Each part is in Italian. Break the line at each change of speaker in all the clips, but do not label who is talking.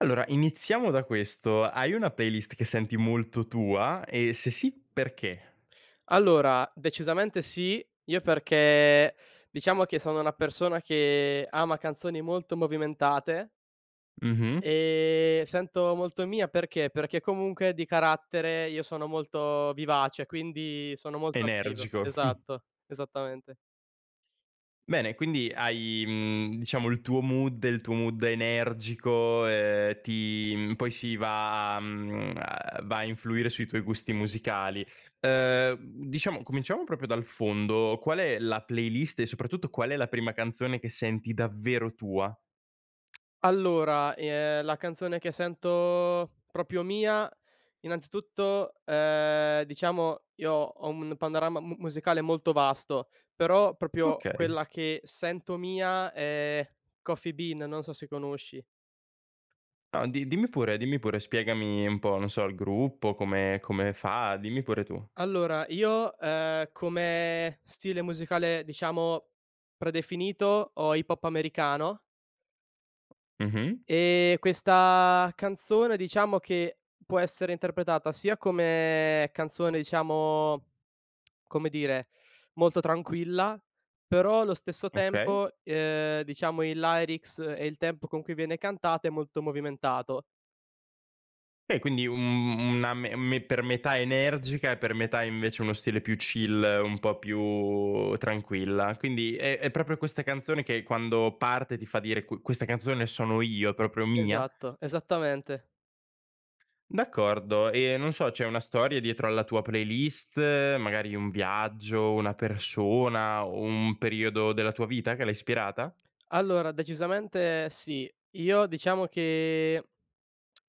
Allora, iniziamo da questo: hai una playlist che senti molto tua e se sì, perché?
Allora, decisamente sì, io perché, diciamo che sono una persona che ama canzoni molto movimentate.
Mh-mh.
Ehm, sento molto mia, perché? Perché comunque di carattere io sono molto vivace, quindi sono molto attivo.
Energico.
Esatto. Esattamente.
Bene, quindi hai, mhmm, diciamo il tuo mood, il tuo mood energico, ehm, ti mhmm, poi si va, mhmm, a va a influire sui tuoi gusti musicali. Ehm, mhmm, diciamo cominciamo proprio dal fondo: qual è la playlist e soprattutto qual è la prima canzone che senti davvero tua?
Allora, ehm, la canzone che sento proprio mia innanzitutto, ehm, diciamo, io ho un mn panorama mu musicale molto vasto, però proprio
Okay.
quella che sento mia è Coffee Bean, non so se conosci.
No, di dimmi pure, dimmi pure, spiegami un po', non so, il gruppo, come come fa, dimmi pure tu.
Allora io, uhm, come stile musicale, diciamo predefinito, ho hip hop americano.
Mh-mh.
Ehm, questa canzone, diciamo che può essere interpretata sia come canzone, diciamo, come dire, molto tranquilla; però allo stesso
Okay.
tempo, uhm, diciamo il lyrics e il tempo con cui viene cantato è molto movimentato.
Beh, quindi un, mhmm una me me per metà energica e per metà invece uno stile più chill, un po' più tranquilla. Quindi è è proprio questa canzone che quando parte ti fa dire: "Qu questa canzone sono io, è proprio mia"?
Esatto. Esattamente.
D'accordo. E, non so, c'è una storia dietro alla tua playlist, magari un viaggio, una persona, o un periodo della tua vita che l'ha ispirata?
Allora, decisamente sì. Io diciamo che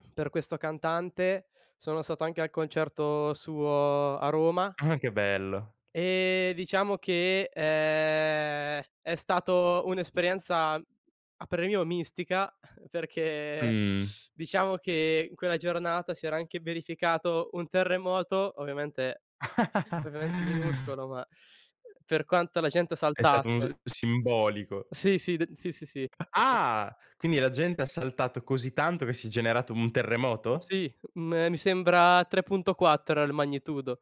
per questo cantante sono stato anche al concerto suo a Roma.
Ah, che bello.
Uhm, diciamo che, ehm, è stato un'esperienza, a parer mio mistica, perché,
Mh.
diciamo che in quella giornata si era anche verificato un terremoto, ovviamente ovviamente minuscolo, ma per quanto la gente
È stato un
saltasse.
s simbolico.
Sì, sì d sì, sì, sì.
Ah! Quindi la gente ha saltato così tanto che si è generato un terremoto?
Sì, uhm, mi sembra 3.4 era il magnitudo.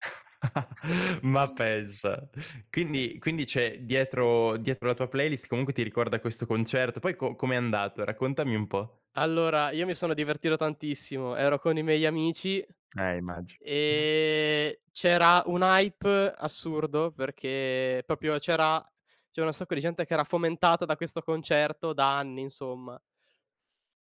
Ma pensa. Quindi quindi c'è dietro dietro la tua playlist comunque ti ricorda questo concerto, poi co com'è andato? Raccontami un po'.
Allora, Io mi sono divertito tantissimo. Ero con i miei amici,
Eh, immagino.
ehm, c'era un hype assurdo, perché proprio c'era c'era un sacco di gente che era fomentata da questo concerto da anni, insomma.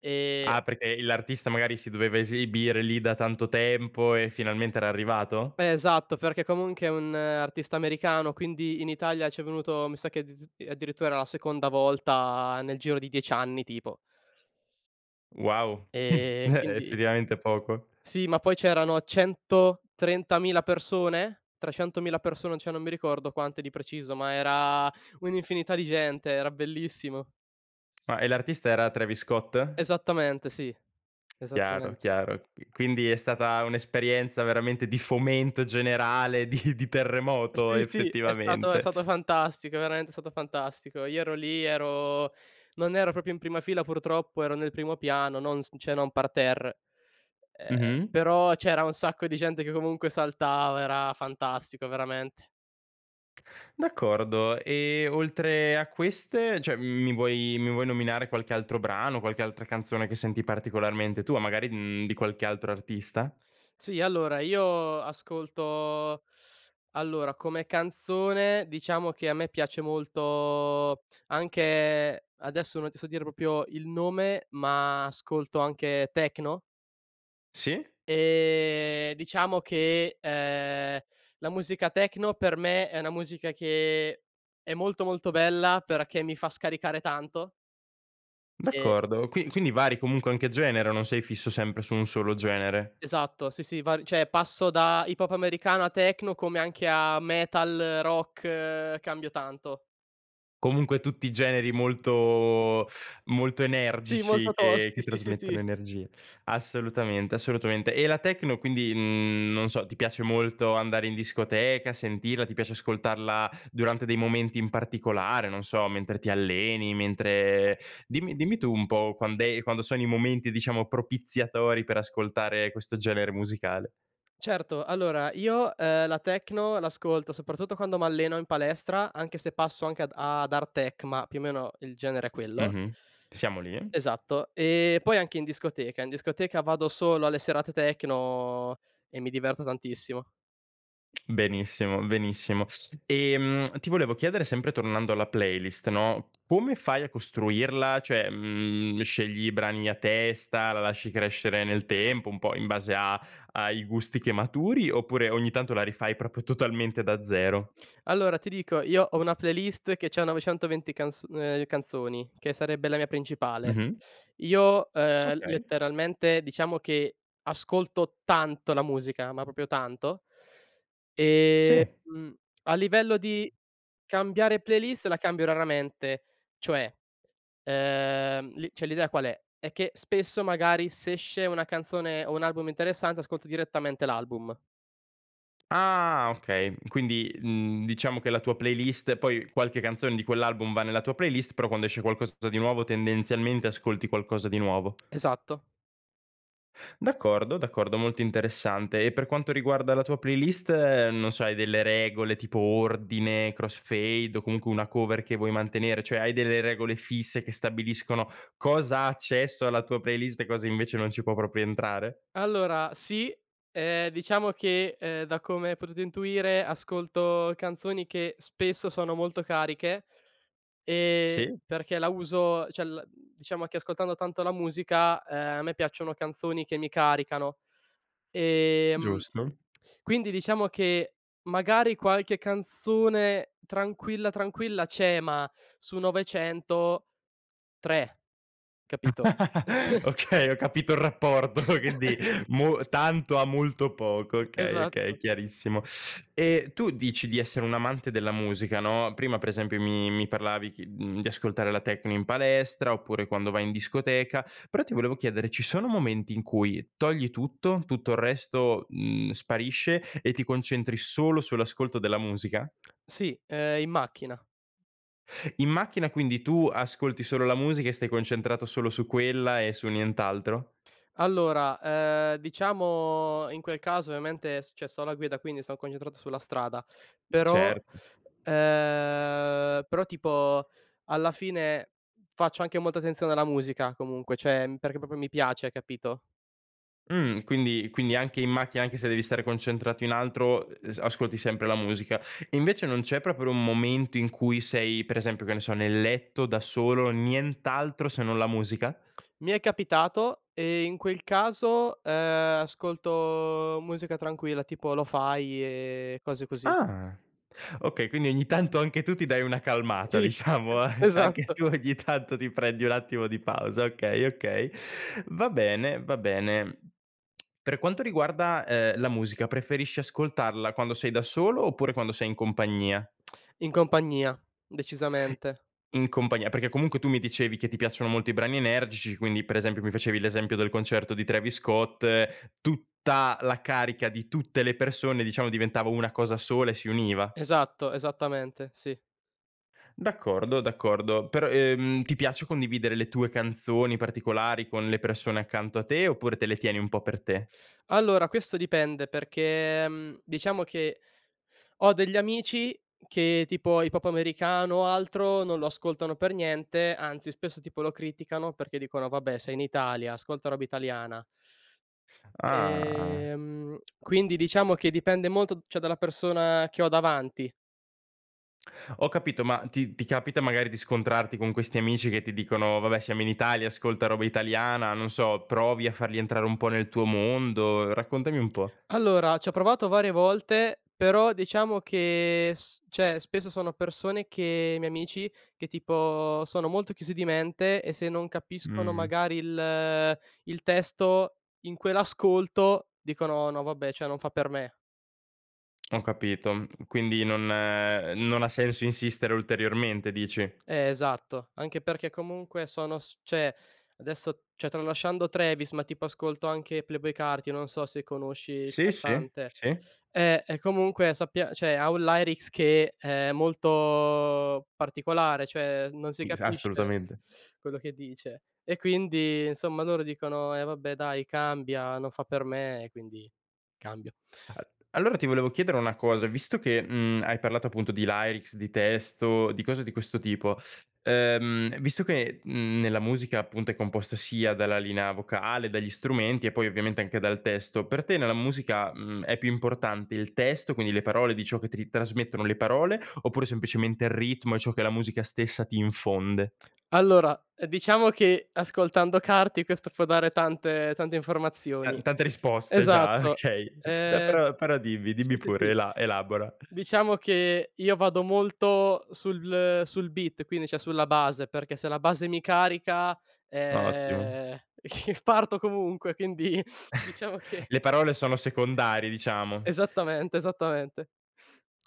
E
Ah, perché l'artista magari si doveva esibire lì da tanto tempo e finalmente era arrivato?
Eh esatto, perché comunque è un artista americano, quindi in Italia c'è venuto, mi sa che d d addirittura era la seconda volta nel giro di 10 anni tipo.
Wow.
E
Eh, é
quindi
effettivamente poco.
Sì, ma poi c'erano 130.000 persone? 300.000 persone, cioè non mi ricordo quante di preciso, ma era un'infinità di gente, era bellissimo.
Ma, ehm, l'artista era Travis Scott?
Esattamente, sì.
Chiaro,
Esattamente.
chiaro. Qui quindi è stata un'esperienza veramente di fomento generale, di di terremoto
Sì, sì, è stato è
effettivamente.
stato fantastico, veramente è stato fantastico. Io ero lì, ero non ero proprio in prima fila purtroppo, ero nel primo piano, non s cioè non parterre. E ehm,
Mh-mh.
però c'era un sacco di gente che comunque saltava, era fantastico veramente.
D'accordo, e oltre a queste cioè, mi vuoi mi vuoi nominare qualche altro brano, qualche altra canzone che senti particolarmente tua, magari, uhm, di qualche altro artista?
Sì, allora io ascolto allora, come canzone diciamo che a me piace molto anche adesso non ti so dire proprio il nome, ma ascolto anche techno.
Sì.
Ehm, diciamo che, ehm, la musica techno per me è una musica che è molto, molto bella perché mi fa scaricare tanto. E
D'accordo qui quindi vari comunque anche genere, non sei fisso sempre su 1 solo genere?
Esatto, sì, sì, vari cioè passo da hip hop americano a techno, come anche a metal, rock, cambio tanto.
Comunque tutti i generi molto molto
Sì,
energici
molto
che
tosti,
che
sì, sì,
trasmettono
sì.
energie. Assolutamente, assolutamente, e la techno quindi, mhmm, non so, ti piace molto andare in discoteca, sentirla, ti piace ascoltarla durante dei momenti in particolare, non so, mentre ti alleni, mentre dimmi dimmi tu, un po', quand'è quando sono i momenti, diciamo, propiziatori per ascoltare questo genere musicale.
Certo, allora io, ehm, la techno l'ascolto soprattutto quando m'alleno in palestra, anche se passo anche ad ad hard tech ma più o meno il genere è quello.
Mh-mh. Siamo lì.
Esatto, ehm, poi anche in discoteca, in discoteca vado solo alle serate techno e mi diverto tantissimo.
Benissimo, benissimo. Ehm, ti volevo, chiedere sempre tornando alla playlist, no, come fai a costruirla, cioè, uhm, scegli i brani a testa, la lasci crescere nel tempo, un po' in base a ai gusti che maturi, oppure ogni tanto la rifai proprio totalmente da 0?
Allora ti dico, io ho una playlist che c'ha 920 canz ehm, canzoni, che sarebbe la mia principale.
Mh-mh.
Io, ehm,
Okay.
letteralmente, diciamo che ascolto tanto la musica, ma proprio tanto. Ehm,
Sì.
a livello di cambiare playlist, la cambio raramente, cioè ehm, l cioè l'idea qual è, è che spesso magari s'esce una canzone, o un album interessante ascolto direttamente l'album.
Ah okay, quindi, uhm, diciamo che la tua playlist poi qualche canzone di quell'album va nella tua playlist, però, quando esce qualcosa di nuovo, tendenzialmente ascolti qualcosa di nuovo.
Esatto.
D'accordo, d'accordo, molto interessante, e per quanto riguarda la tua playlist, non so hai delle regole tipo ordine, crossfade o comunque una cover che vuoi mantenere, cioè hai delle regole fisse che stabiliscono, cosa ha accesso alla tua playlist, e cosa invece non ci può proprio entrare?
Allora sì, ehm, diciamo che, ehm, da come hai potuto intuire, ascolto canzoni che spesso sono molto cariche, e
Sì.
perché la uso cioè la diciamo che ascoltando tanto la musica, ehm, a me piacciono canzoni che mi caricano, ehm,
Giusto.
quindi diciamo che magari qualche canzone tranquilla, tranquilla c'è, ma su 900, 3, capito? [unintelligible]
Okay, ho capito il rapporto [unintelligible] mo tanto a molto poco, okay, okay,
Esatto.
chiarissimo. E tu dici di essere un amante della musica, no, prima pre esempio mi mi parlavi chi uhm, di ascoltare la tecno in palestra, oppure quando vai in discoteca, però ti volevo chiedere, ci sono momenti in cui, togli tutto, tutto il resto, mhmm, sparisce e ti concentri solo sull'ascolto della musica?
Sì, ehm, in macchina.
In macchina quindi tu ascolti solo la musica e stai concentrato solo su quella e su nient'altro?
Allora, ehm, diciamo in quel caso ovviamente s cioè sto alla guida, quindi son concentrato sulla strada; però
Certo.
ehm, però tipo alla fine, faccio anche molta attenzione alla musica comunque; cioè, mhmm, perché proprio mi piace, capito?
Mh, quindi quindi anche in macchina, anche se devi stare concentrato in altro, e ehm, ascolti sempre la musica. Invece non c'è proprio un momento in cui sei per esempio, che ne so, nel letto da solo, nient'altro se non la musica?
Mi è capitato e in quel caso, ehm, ascolto musica tranquilla, tipo lo-fi e cose così.
Ah. Okay, quindi ogni tanto anche tu ti dai una calmata
Sì,
diciamo, a e anche
esatto.
tu ogni tanto ti prendi un attimo di pausa, okay, okay. Va bene, va bene. Per quanto riguarda, ehm, la musica, preferisci ascoltarla quando sei da solo oppure quando sei in compagnia?
In compagnia, decisamente.
In compagnia, perché comunque tu mi dicevi che ti piacciono molto i brani energici, quindi per esempio mi facevi l'esempio del concerto di Travis Scott, tutta la carica di tutte le persone diciamo diventava una cosa sola e si univa.
Esatto, esattamente, sì.
D'accordo, d'accordo, però, ehm, ti piace condividere le tue canzoni particolari con le persone accanto a te, oppure te le tieni un po' per te?
Allora, questo dipende perché, mhmm, diciamo che ho degli amici che, tipo, hip hop americano o altro non lo ascoltano per niente, anzi spesso tipo lo criticano perché dicono: "Vabbè, sei in Italia, ascolta roba italiana."
Ah.
Ehm, quindi, diciamo che dipende molto d cioè, dalla persona che ho davanti.
Ho capito, ma ti ti capita, magari, di scontrarti con questi amici che ti dicono: "Vabbè, siamo in Italia, ascolta roba italiana", non so, provi a farli entrare un po' nel tuo mondo, raccontami un po'.
Allora, ci ho provato varie volte, però diciamo che s cioè, spesso sono persone che i miei amici, che, tipo, sono molto chiusi di mente e se non capiscono
Mh.
magari il il testo, in quell'ascolto, dicono: "No vabbè, cioè non fa per me."
Ho capito. Quindi non ehm, non ha senso insistere ulteriormente, dici?
Eh esatto. Anche perché comunque sono s cioè adesso, cioè tralasciando Travis, ma tipo ascolto anche Playboi Carti, non so se conosci il
Sì, sì,
cantante.
sì.
Eh, e comunque sappia cioè ha un lyrics che è molto particolare, cioè non si
Is
capisce
assolutamente.
quello che dice. E quindi, insomma, loro dicono: "Eh vabbè, dai, cambia, non fa per me." Quindi cambio.
Al allora ti volevo chiedere una cosa, visto che, mhmm, hai parlato appunto di lyrics, di testo, di cose di questo tipo, ehm, visto che, mhmm, nella musica, appunto, è composta sia dalla linea vocale, dagli strumenti e poi ovviamente anche dal testo; per te nella musica, mhmm, è più importante il testo, quindi le parole di ciò che ti trasmettono le parole, oppure semplicemente l ritmo e ciò che la musica stessa ti infonde?
Allora, ehm, diciamo che ascoltando Carti questo può dare tante tante
Ta
informazioni.
tante risposte già,
Esatto,
okay, ehm,
ehm,
però però dimmi,
s
dimmi
s
pure,
sì.
ela elabora.
Diciamo che io vado molto sul sul beat, quindi cioè sulla base, perché se la base mi carica,
Ottimo.
ehm, parto comunque, quindi diciamo che
Le parole sono secondarie, diciamo.
Esattamente, esattamente.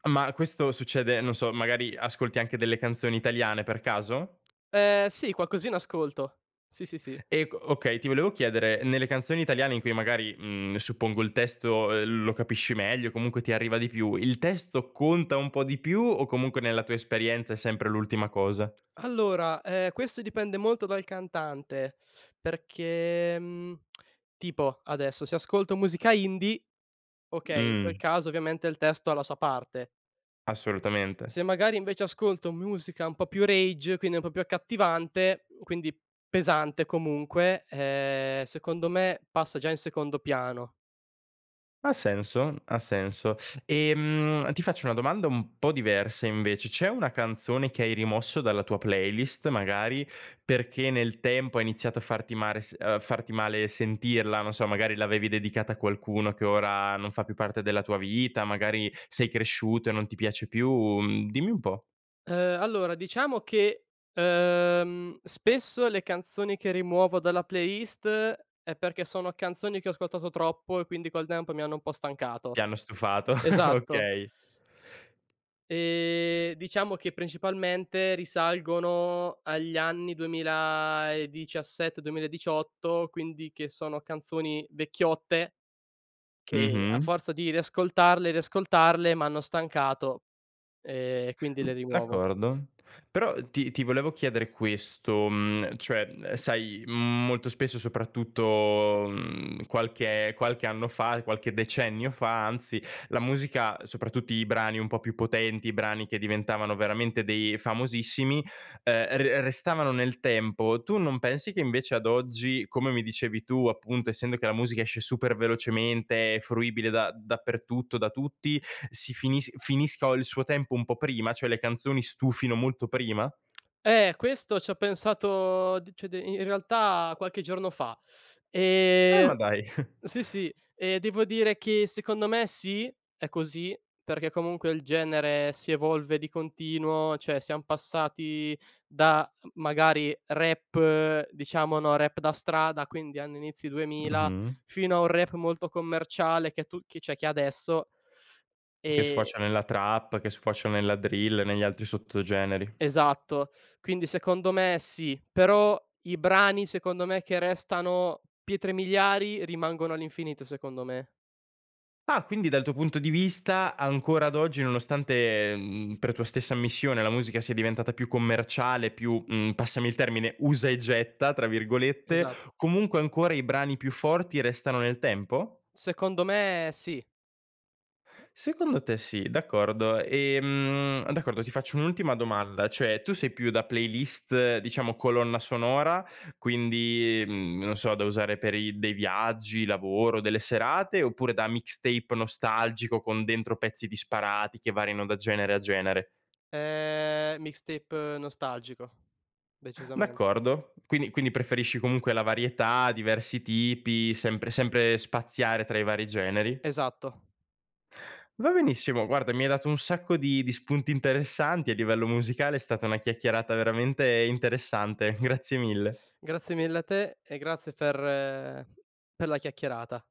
Ma questo succede, non so, magari ascolti anche delle canzoni italiane, per caso?
Ehm, sì, qualcosina ascolto. Sì, sì, sì.
Ec okay, ti volevo chiedere, nelle canzoni italiane- in cui magari, mhmm, suppongo il testo, ehm, lo capisci meglio, comunque ti arriva di più- il testo conta un po' di più o comunque nella tua esperienza è sempre l'ultima cosa?
Allora, ehm, questo dipende molto dal cantante perché, mhmm, tipo, adesso, se ascolto musica indie, okay, in quel
Mh.
caso ovviamente il testo ha la sua parte.
Assolutamente.
Se magari invece ascolto musica un po' più rage, quindi un po' più accattivante, quindi, pesante comunque, ehm, secondo me, passa già in secondo piano.
Ha senso, ha senso. Ehm, ti faccio una domanda un po' diversa invece, c'è una canzone che hai rimosso dalla tua playlist magari, perché nel tempo ha iniziato a farti mare s uhm, farti male sentirla, non so, magari l'avevi dedicata a qualcuno che ora non fa più parte della tua vita, magari sei cresciuto e non ti piace più? Dimmi un po'.
Uhm, allora diciamo che, uhm, spesso le canzoni che rimuovo dalla playlist è perché sono canzoni che ho ascoltato troppo e quindi col tempo mi hanno un po' stancato.
Ti hanno stufato,
Esatto.
okay.
Ehm, diciamo che, principalmente, risalgono agli anni 2017, 2018, quindi che sono canzoni vecchiotte, che a
Mh-mh.
forza di riascoltarle, riascoltarle, m'hanno stancato, e quindi
Mh,
le rimuovo.
d'accordo. Però ti ti volevo chiedere questo, mhmm, cioè, uhm, sai molto spesso, soprattutto, mhmm, qualche qualche anno fa, qualche decennio fa anzi, la musica, soprattutto i brani un po' più potenti, i brani che diventavano veramente dei famosissimi, ehm, r restavano nel tempo. Tu non pensi che invece ad oggi, come mi dicevi tu, appunto, essendo che la musica esce super velocemente, è fruibile da dappertutto, da tutti, si finis finisco il suo tempo un po' prima, cioè le canzoni stufino molto prima?
Eh questo c'ho pensato d cioè d in realtà qualche giorno fa,
Ah,
ehm,
ma dai.
sì, sì, e devo dire che secondo me sì, è così, perché comunque il genere si evolve di continuo, cioè siam passati da, magari, rap, diciamo, no, rap da strada, quindi anno inizi 2000,
Mh-mh.
fino a un rap molto commerciale che tu che cioè che adesso
Che
E
sfocia nella trap, che sfocia nella drill, negli altri sottogeneri.
Esatto, quindi secondo me sì. Però i brani, secondo me, che restano pietre miliari, rimangono all'infinito secondo me.
Ah, quindi dal tuo punto di vista, ancora ad oggi nonostante, mhmm, per tua stessa ammissione, la musica sia diventata più commerciale, più, mhmm, passami il termine, "usa e getta," tra virgolette,
Esa
comunque ancora i brani più forti restano nel tempo?
Secondo me, sì.
Secondo te sì, d'accordo, ehm, d'accordo, ti faccio un'ultima domanda, cioè, tu sei più da playlist, diciamo colonna sonora, quindi mhmm, non so da usare per i dei viaggi, lavoro, delle serate, oppure da mixtape nostalgico, con dentro pezzi disparati che variano da genere a genere?
Ehm, mixtape nostalgico, decisamen
D'accordo. Quindi quindi preferisci comunque la varietà, diversi tipi, sempre sempre spaziare tra i vari generi.
Esatto.
Va benissimo, guarda, mi hai dato un sacco di di spunti interessanti a livello musicale, è stata una chiacchierata veramente interessante, grazie mille.
Grazie mille a te e grazie per per la chiacchierata.